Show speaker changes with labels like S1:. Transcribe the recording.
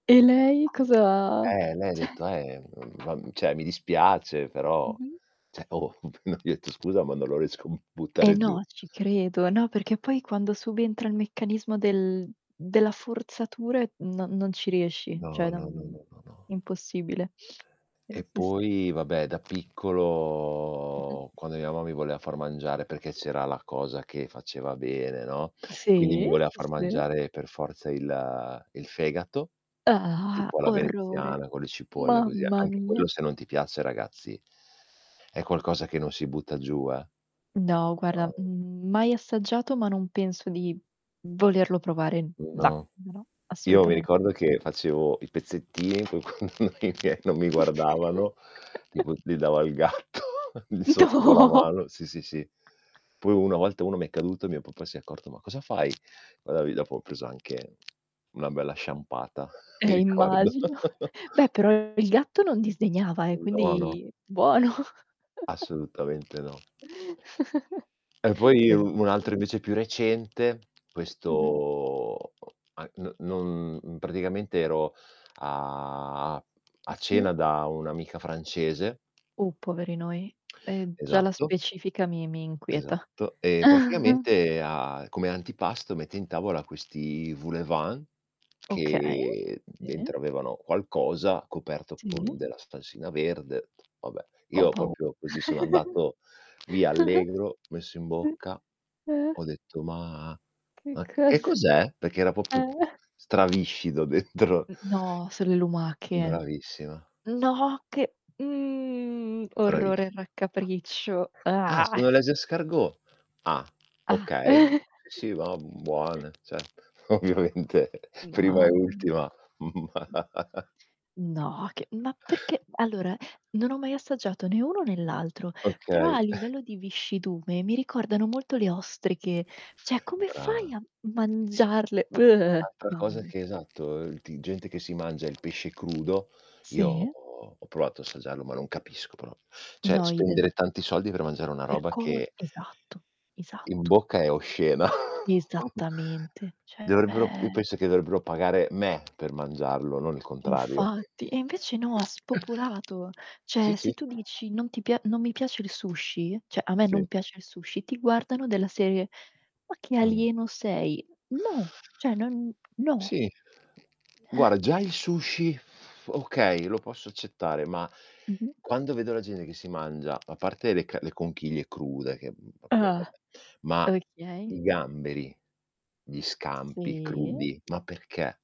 S1: E lei cosa
S2: Eh, lei ha
S1: cioè
S2: detto: "Eh, mhmm, va mhmm, cioè mi dispiace, però"
S1: Mh-mh.
S2: cioè oh, appena gli ho etto: "Scusa, ma non lo riesco a b
S1: Eh,
S2: buttare giù."
S1: no, ci credo. No, perché poi quando subentra il meccanismo del della forzatura, ehm, no non ci riesci,
S2: No,
S1: cioè
S2: no, no,
S1: non
S2: no, no, no.
S1: impossibile. Eh,
S2: E
S1: sì, sì.
S2: poi vabbè, da
S1: Mh-mh.
S2: piccolo quando mia mamma mi voleva far mangiare, perché c'era la cosa che faceva bene, no, quindi mi
S1: Sì.
S2: voleva
S1: Sì,
S2: far
S1: sì.
S2: mangiare per forza il il fegato,
S1: Ah,
S2: tipo alla
S1: orrore.
S2: veneziana, con le cipolle così,
S1: Mamma
S2: anche
S1: mia.
S2: quello se non ti piace, ragazzi è qualcosa che non si butta giù, eh.
S1: No guarda,
S2: [unintelligible]
S1: mhmm, mai assaggiato, ma non penso di volerlo provare.
S2: Mhmm,
S1: No.
S2: no.
S1: No, no.
S2: Io mi
S1: Assolutamente
S2: ricordo
S1: no.
S2: che facevo i pezzettini fin quando i miei non mi guardavano, tipo li dava al gatto lì sotto con la
S1: No.
S2: mano. Sì, sì, sì. Poi un una volta 1 mi è caduto e mio papà si è accorto: "Ma cosa fai?" Magari dopo ho preso anche una bella sciampata, mi
S1: Eh,
S2: ricordo.
S1: immagino. Beh, però il gatto non disdegnava eh,
S2: Mh. No, no.
S1: quindi buono.
S2: Assolutamente no. E poi io un altro
S1: Bellissim
S2: invece più recente,
S1: Mh-mh.
S2: questo a n non mhmm, praticamente ero a
S1: Ah,
S2: a
S1: sì?
S2: cena da un'amica francese
S1: Uh, poveri noi. E già la
S2: Esatto.
S1: specifica mi mi inquieta.
S2: Esatto. E praticamente a come antipasto mette in tavola questi voulevant,
S1: Okay.
S2: che
S1: Sì.
S2: dentro avevano qualcosa, coperto. con
S1: Sì.
S2: della salsina verde. Vabbè,
S1: Ho
S2: io
S1: pau
S2: proprio così sono andato via allegro, messo in bocca.
S1: Sì. Eh.
S2: Ho detto: "Ma
S1: Che
S2: ma c che
S1: cos
S2: cos'è?" Perché era proprio
S1: Eh.
S2: straviscido dentro.
S1: Mh. No, solo le lumache.
S2: Bravissima.
S1: No, che mhmm, orrore
S2: Bravissi
S1: e raccapriccio.
S2: “Ah, sono les escargots?“ “Ah.
S1: Ah.
S2: Okay. Sì, va', buone. Cet “Ovviamente prima e
S1: Mamma mi
S2: ultima. Ma
S1: No, che ma perché allora non ho mai assaggiato né uno né l'altro, però
S2: Okay.
S1: a livello di viscidume mi ricordano molto le ostriche. Cioè come fai
S2: Brava.
S1: a mangiarle?
S2: Altra
S1: Mamma
S2: cosa
S1: mi
S2: che esatto, uhm il ti gente che si mangia il pesce crudo, io
S1: Sì.
S2: ho provato a assaggiarlo, ma non capisco prop cioè
S1: No,
S2: spendere
S1: idem.
S2: tanti soldi per mangiare una
S1: Per
S2: roba
S1: co
S2: che
S1: esatto.
S2: in
S1: Esatto.
S2: bocca è oscena.
S1: Esattamente,
S2: Dovrebbero io
S1: cioè
S2: penso che dovrebbero pagare me per mangiarlo, non il contrario.
S1: Infatti. E invece no, ha spopolato.
S2: Sì,
S1: Cioè
S2: sì.
S1: se tu dici: "Non ti pia non mi piace il sushi", cioè "a me
S2: Sì.
S1: non piace il sushi", ti guardano della serie: "Ma che
S2: Mh.
S1: alieno sei?" No, cioè non no.
S2: Sì.
S1: Eh.
S2: Guarda già il sushi, okay, lo posso accettare, ma
S1: Mh-mh.
S2: quando vedo la gente che si mangia a parte delle c le conchiglie crude che, mhmm, proprio
S1: Ah.
S2: vabbè ma
S1: Okay.
S2: i gamberi, gli scampi
S1: Sì.
S2: crudi, ma perché?